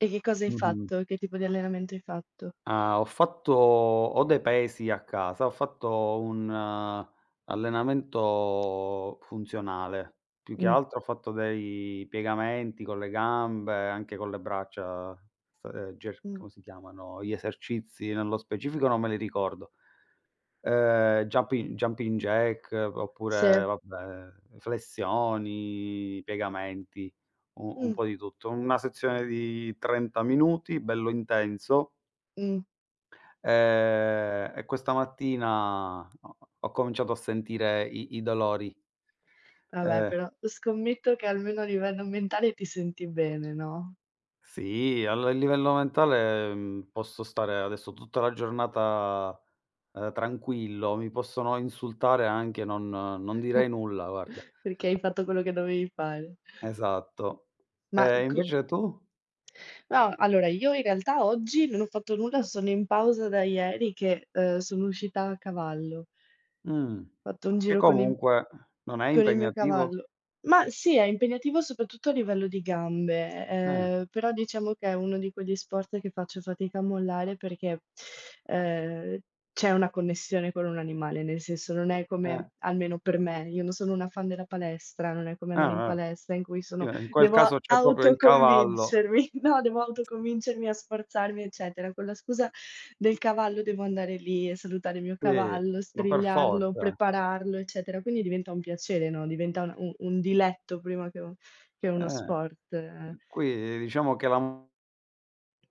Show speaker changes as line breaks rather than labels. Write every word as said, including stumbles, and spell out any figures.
E che cosa hai
Mh-mh.
fatto? Che tipo di allenamento hai fatto?
Ah, ho fatto ho dei pesi a casa, ho fatto un allenamento funzionale. Più che
Mh.
altro ho fatto dei piegamenti con le gambe, anche con le braccia, st ger
Mh.
come si chiamano? Gli esercizi nello specifico non me li ricordo. Uhm, juppi jumping jack, oppure,
Se.
vabbè, flessioni, piegamenti, u un
Mh.
po' di tutto. Una sezione di trenta minuti, bello intenso.
Mh.
Ehm, e questa mattina ho ho ho cominciato a sentire i i dolori.
Alla
Eh.
però scommetto che almeno a livello mentale ti senti bene, no?
Sì, al livello mentale, mhmm, posso stare adesso tutta la giornata, ehm, tranquillo, mi possono insultare anche, non non direi nulla, guarda.
Perché hai fatto quello che dovevi fare.
Esatto.
Ma,
Ehm,
uhm, c
invece tu?
No, allora io in realtà oggi non ho fatto nulla, sono in pausa da ieri che, uhm, sono uscita a cavallo.
Mh.
Fatto un
Che
giro con il
comunque non è
con il mio
impegnativo?
cavallo. Ma sì, è impegnativo soprattutto a livello di gambe, e
Eh.
ehm, però diciamo che è uno di quegli sport che faccio fatica a mollare perché, ehm, c'è una connessione con un animale, nel senso non è
Eh.
come almeno per me, io non sono una fan della palestra, non è come andare in
Ah-ah.
palestra in cui
Sì,
sono
ma in quel caso
devo
c'è proprio il cavallo.
autoconvincermi, no, devo autoconvincermi a sforzarmi, eccetera. Con la scusa del cavallo devo andare lì e salutare il mio
Sì,
cavallo,
ma per
strigliarlo,
forza.
prepararlo, eccetera, quindi diventa un piacere, no, diventa un un un diletto prima che un che uno
Eh,
sport, eh.
qui diciamo che la m